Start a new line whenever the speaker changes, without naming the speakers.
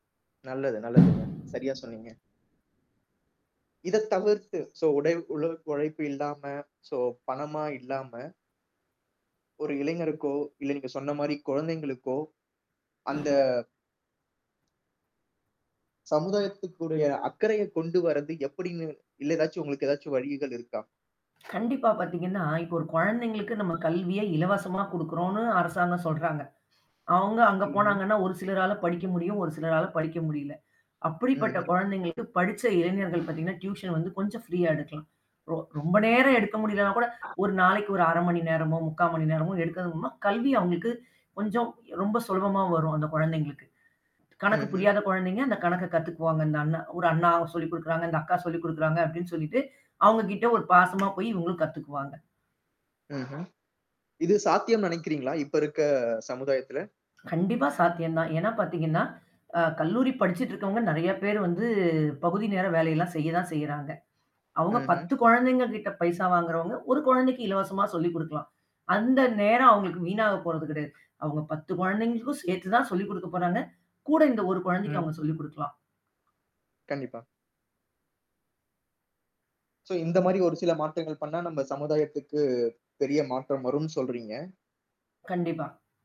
நல்லது, நல்லதுங்க. சரியா சொன்னீங்க. இத தவிர்த்து, சோ உடை உடல் உழைப்பு இல்லாம, சோ பணமா இல்லாம ஒரு இளைஞருக்கோ, இல்ல நீங்க சொன்ன மாரி குழந்தைங்களுக்கோ, அந்த சமுதாயத்துக்குறிய அக்கறையைக் கொண்டு வரது எப்படின்னு இல்ல எதாச்சும் உங்களுக்கு ஏதாச்சும் வழிகள் இருக்கா?
கண்டிப்பா பாத்தீங்கன்னா, இப்ப ஒரு கொழந்தைங்களுக்கு நம்ம கல்வியை இலவசமா குடுக்குறோன்னு அரசாங்கம் சொல்றாங்க. அவுங்க அங்க
ம்ஹ்ம்.
போனாங்கன்னா, ஒரு சிலரால படிக்க முடியும். ஒரு சிலரால படிக்க முடியல. அப்படிப்பட்ட
ம்ஹ்ம்.
கொழந்தைங்களுக்கு படிச்ச இளைஞர்கள் பாத்தீங்கன்னா, டியூஷன் வந்து கொஞ்சம் ஃப்ரீயா எடுக்கலாம். ரொ ரொம்ப நேரம் எடுக்க முடியலன்னா கூட, 1 நாளைக்கு ஒரு 1/2 மணி நேரமோ, 3/4 மணி நேரமோ எடுக்கறதன் மூலமா, கல்வி அவுங்களுக்கு கொஞ்சம் ரொம்ப சுலபமா வரும், அந்த கொழந்தைங்களுக்கு. கணக்கு
ம்ஹ்ம்.
புரியாத கொழந்தைங்க அந்த கணக்க கத்துக்குவாங்க. இந்த அண்ணன் "ஒரு அண்ணா ஒரு சொல்லிக் குடுக்குறாங்க, இந்த அக்கா சொல்லிக் குடுக்குறாங்க" அப்படின்னு சொல்லிட்டு, அவுங்ககிட்ட ஒரு பாசமா போயி இவுங்களும் கத்துக்குவாங்க.
ம்ஹ்ம். இது சாத்தியம்ன்னு நெனைக்கிறீங்களா? இப்ப இருக்க சமுதாயத்துல?
கண்டிப்பா சாத்தியந்தான். ஏன்னா பாத்தீங்கன்னா, அ கல்லூரி படிச்சுட்ருக்கவங்க நெறைய பேரு வந்து, பகுதி நேர வேலை எல்லாம் செய்ய தான் செய்றாங்க. அவுங்க
ம்ஹ்ம்.
10 கொழந்தைங்க கிட்ட பைசா வாங்குறவங்க, 1 கொழந்தைக்கு இலவசமா சொல்லிக் குடுக்கலாம். அந்த நேரம் அவுங்களுக்கு வீணாக போறது கிடையாது. அவுங்க 10 கொழந்தைங்களுக்கும் சேர்த்து தான் சொல்லிக் குடுக்கப் போறாங்க. கூட இந்த 1 கொழந்தைக்கு அவுங்க
ம்ஹ்ம்.
சொல்லிக் குடுக்கலாம்.
கண்டிப்பா. சோ இந்த மாரி ஒரு சில மாற்றங்கள் பண்ணா, நம்ம சமுதாயத்துக்கு பெரிய மாற்றம் வரும்ன்னு சொல்றீங்க.
கண்டிப்பா.